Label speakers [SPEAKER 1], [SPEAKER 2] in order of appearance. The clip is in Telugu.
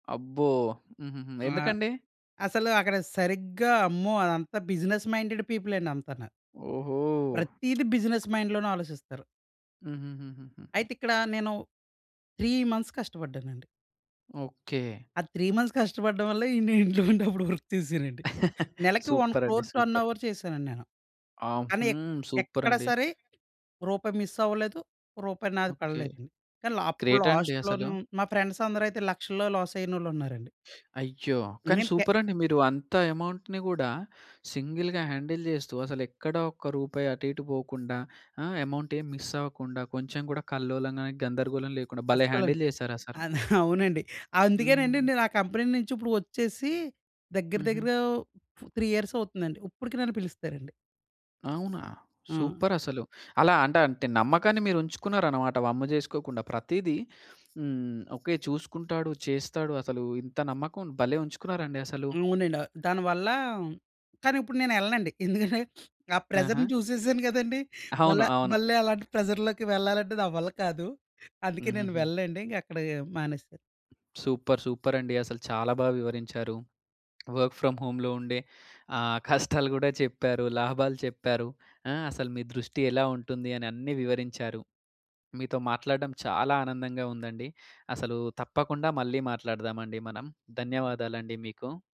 [SPEAKER 1] అబ్బో! హుహుహు.
[SPEAKER 2] ఆ!
[SPEAKER 1] ఎందుకండి?
[SPEAKER 2] అసలు అక్కడ సరిగ్గా అమ్మో! అదంతా బిజినెస్ మైండెడ్ పీపులండి అంతాను.
[SPEAKER 1] ఓహో!
[SPEAKER 2] ప్రతిదీ బిజినెస్ మైండ్‌లోనే ఆలోచిస్తారు.
[SPEAKER 1] హుహుహు. హుహుహు.
[SPEAKER 2] అయితిక్కడ, నేను 3 మంత్స్ కష్టపడ్డానండి.
[SPEAKER 1] ఓకే.
[SPEAKER 2] ఆ 3 మంత్స్ కష్టపడడం వల్ల, నేను ఇంట్లో ఉన్నప్పుడు వర్క్ చేసానండి. నెలకి ఓన్
[SPEAKER 1] సూపర్ అండి
[SPEAKER 2] క్రోర్
[SPEAKER 1] సూపర్!
[SPEAKER 2] టర్నోవర్ చేశానండి నేను.
[SPEAKER 1] ఆ!
[SPEAKER 2] కాని ఎక్
[SPEAKER 1] హ్మ్. సూపర్
[SPEAKER 2] ఎక్కడ
[SPEAKER 1] అండి!
[SPEAKER 2] సరే రూపాయి మిస్ అవ్వలేదు, రూపాయి నాది
[SPEAKER 1] ఓకే.
[SPEAKER 2] పడలేదు. కానీ ల అప్పుడు
[SPEAKER 1] గ్రేట్ అండి అసలు.
[SPEAKER 2] లాస్ట్‌లోను మా ఫ్రెండ్స్ అందరైతే లక్షల్లో లాస్ అయినోళ్ళు ఉన్నారండి.
[SPEAKER 1] అయ్యో! కానీ
[SPEAKER 2] ఇమీన్ పె
[SPEAKER 1] సూపర్ అండి మీరు, అంత అమౌంట్‌ని గూడా సింగిల్‌గా హ్యాండిల్ జేస్తూ, అసలెక్కడా ఒక్క రూపాయి అటు ఇటు పోకుండా, ఆ? అమౌంట్ ఏం మిస్ అవ్వకుండా, కొంచెం కూడా కల్లోలం గాని గందరగోళం లేకుండా భలే
[SPEAKER 2] అస్సలు
[SPEAKER 1] హ్యాండిల్ జేసారసలు.
[SPEAKER 2] అద అవునండి. అందుకేనండి
[SPEAKER 1] హ్మ్.
[SPEAKER 2] నేను ఆ కంపెనీ నుంచి ఇప్పుడు ఒచ్చేసి, దగ్గర
[SPEAKER 1] హుహు.
[SPEAKER 2] దగ్గరగ ఫ్ 3 ఇయర్స్ అవుతుందండి. ఇప్పటికి నన్ను పిలుస్తారండి.
[SPEAKER 1] అవునా!
[SPEAKER 2] ఆ!
[SPEAKER 1] సూపర్ అసలు. అలా అంట అంటే నమ్మకాన్ని మీరుంచుకున్నారనమాట వమ్ము జేసుకోకుండా ప్రతిదీ హ్మ్. "ఓకే. చూసుకుంటాడు, చేస్తాడు." అసలు ఇంత నమ్మకం భలే ఉంచుకున్నారండి అసలు.
[SPEAKER 2] అవునండి. అ దానివల్ల కానీ ఇప్పుడు నేనెళ్ళనండి, ఎందుకంటే ఆ ప్రెషర్‌ని
[SPEAKER 1] ఆహా!
[SPEAKER 2] చూసేసాను కదండీ! మళ్ళ
[SPEAKER 1] అవును. అవును.
[SPEAKER 2] మళ్ళలాంటి ప్రెషర్‌లోకి వెళ్ళాలంటే నా వల్ల కాదు. అందుకే నేను
[SPEAKER 1] హుహుహు.
[SPEAKER 2] వెళ్ళనండి ఇంకా అక్కడ మానేశాను.
[SPEAKER 1] సూపర్ సూపర్ అండి అసలు చాలా బాగా వివరించారు. వర్క్ ఫ్రమ్ హోమ్‌లో ఉండే ఆహ్, కష్టాలు గూడా చెప్పారు, లాభాలు చెప్పారు. ఆ? అసలు మీ దృష్టి ఎలా ఉంటుందని అన్నీ వివరించారు. మీతో మాట్లాడడం చాలా ఆనందంగా ఉందండి. అసలు తప్పకుండా మళ్ళీ మాట్లాడదామండి మనం. ధన్యవాదాలండి మీకు.